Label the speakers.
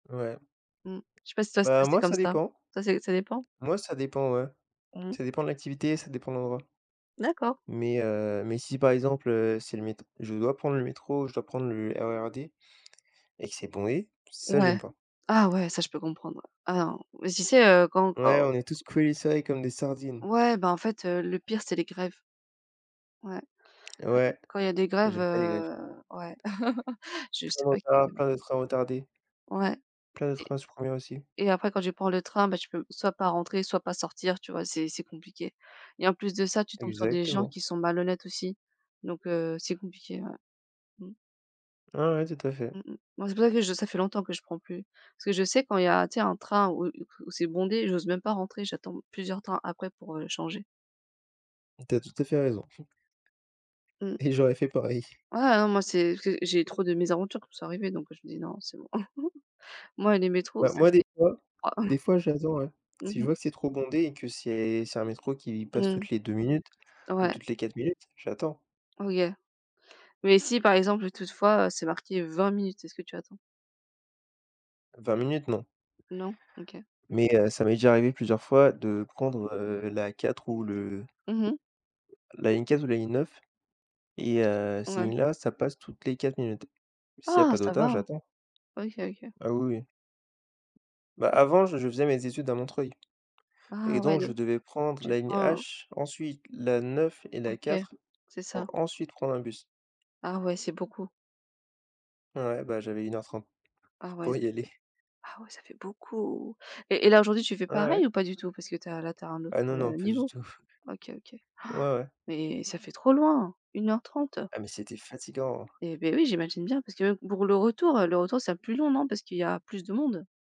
Speaker 1: Ouais.
Speaker 2: Mmh. Je sais c'est pas si ça ce
Speaker 1: Bah
Speaker 2: passait
Speaker 1: moi
Speaker 2: comme
Speaker 1: ça
Speaker 2: ça?
Speaker 1: dépend.
Speaker 2: Ça c'est ça dépend?
Speaker 1: Moi ça dépend, ouais.
Speaker 2: Mmh mh.
Speaker 1: Ça dépend de l'activité, ça dépend de l'endroit.
Speaker 2: D'accord.
Speaker 1: Mais heu, mais si par exemple, heu, c'est le mét je dois prendre le métro, je dois prendre le RER D et que c'est bondé, ça j'aime
Speaker 2: Ouais.
Speaker 1: pas.
Speaker 2: Ah ouais, ça je peux comprendre! Ah non! ouais, si c'est, heu, quand
Speaker 1: Ouais,
Speaker 2: quand
Speaker 1: on est tous collés serrés comme des sardines.
Speaker 2: Ouais, bah, en fait, heu, le pire c'est les grèves. Ouais. Ouais,
Speaker 1: Ouais,
Speaker 2: quand il y a des grèves,
Speaker 1: j'aime pas les grèves.
Speaker 2: heu, ouais, je
Speaker 1: Plein
Speaker 2: sais
Speaker 1: de
Speaker 2: pas qui
Speaker 1: retards,
Speaker 2: aime
Speaker 1: plein de
Speaker 2: ça.
Speaker 1: trains retardés
Speaker 2: Ouais.
Speaker 1: plein de
Speaker 2: Et
Speaker 1: trains supprimés aussi.
Speaker 2: et après quand tu prends le train, bah, tu peux soit pas rentrer, soit pas sortir, tu vois, c'est c'est compliqué et en plus de ça, tu tombes sur des gens
Speaker 1: Exactement.
Speaker 2: qui sont malhonnêtes aussi, donc heu, c'est compliqué, ouais. Mmh.
Speaker 1: Ouais, ouais, tout à fait.
Speaker 2: Mmh mh. Moi c'est pour ça que je ça fait longtemps que je prends plus. Parce que je sais quand il y a un tu sais, un train où où où c'est bondé, j'ose même pas rentrer, j'attends plusieurs trains après pour, heu, changer.
Speaker 1: Tu as tout à fait raison
Speaker 2: Mmh.
Speaker 1: et j'aurais fait pareil!
Speaker 2: Ouais, ah non, moi, c'est q j j'ai trop de mésaventures qui me sont arrivées, donc je me dis: «Non, c'est bon». Moi et les métros,
Speaker 1: Ouais,
Speaker 2: ça
Speaker 1: moi des
Speaker 2: fait
Speaker 1: fois
Speaker 2: 3.
Speaker 1: des fois j'attends, ouais.
Speaker 2: Mmh
Speaker 1: Si je
Speaker 2: mh.
Speaker 1: vois que c'est trop bondé et que c'est c'est un métro qui passe
Speaker 2: Mmh.
Speaker 1: toutes les 2 minutes ou
Speaker 2: Ouais.
Speaker 1: toutes les 4 minutes, j'attends.
Speaker 2: Oui, heu, mais si, par exemple, toutefois, heu, c'est marqué 20 minutes, est-ce que tu attends?
Speaker 1: 20 minutes, non.
Speaker 2: Non? OK.
Speaker 1: Mais heu, ça m'est déjà arrivé plusieurs fois de prendre, heu, la 4 ou le
Speaker 2: Mmh mh.
Speaker 1: la ligne 4 ou la ligne 9, et heu, ces
Speaker 2: Ouais.
Speaker 1: lignes là, ça passe toutes les 4 minutes. S'il y a
Speaker 2: Ah
Speaker 1: pas de
Speaker 2: ça
Speaker 1: retards,
Speaker 2: va!
Speaker 1: j'attends.
Speaker 2: OK, OK.
Speaker 1: Ah oui, oui. Bah avant j je faisais mes études à Montreuil et
Speaker 2: Ah
Speaker 1: donc
Speaker 2: ouais
Speaker 1: je
Speaker 2: de
Speaker 1: devais prendre
Speaker 2: tu
Speaker 1: la ligne
Speaker 2: prends?
Speaker 1: H, ensuite la 9 et la
Speaker 2: OK.
Speaker 1: 4,
Speaker 2: C'est
Speaker 1: pour
Speaker 2: ça.
Speaker 1: ensuite prendre un bus.
Speaker 2: Ah ouais, c'est beaucoup.
Speaker 1: Ouais, bah j'avais 1 heure 30.
Speaker 2: Ah ouais,
Speaker 1: pour
Speaker 2: ça
Speaker 1: y aller!
Speaker 2: fait ah oui ça fait beaucoup! Et et là aujourd'hui tu fais
Speaker 1: Ouais, ouais.
Speaker 2: pareil ou pas du tout parce que tu as là tu as un autre,
Speaker 1: Ah non, non,
Speaker 2: heu,
Speaker 1: pas du
Speaker 2: niveau?
Speaker 1: tout.
Speaker 2: OK, OK.
Speaker 1: Ouais,
Speaker 2: Han!
Speaker 1: ouais.
Speaker 2: Mais ça fait trop loin! 1 heure 30!
Speaker 1: Ah mais c'était fatigant!
Speaker 2: Et beh, oui, j'imagine bien, parce que même pour le retour, heu, le retour sera plus long, non? Parce qu'il y a plus de monde?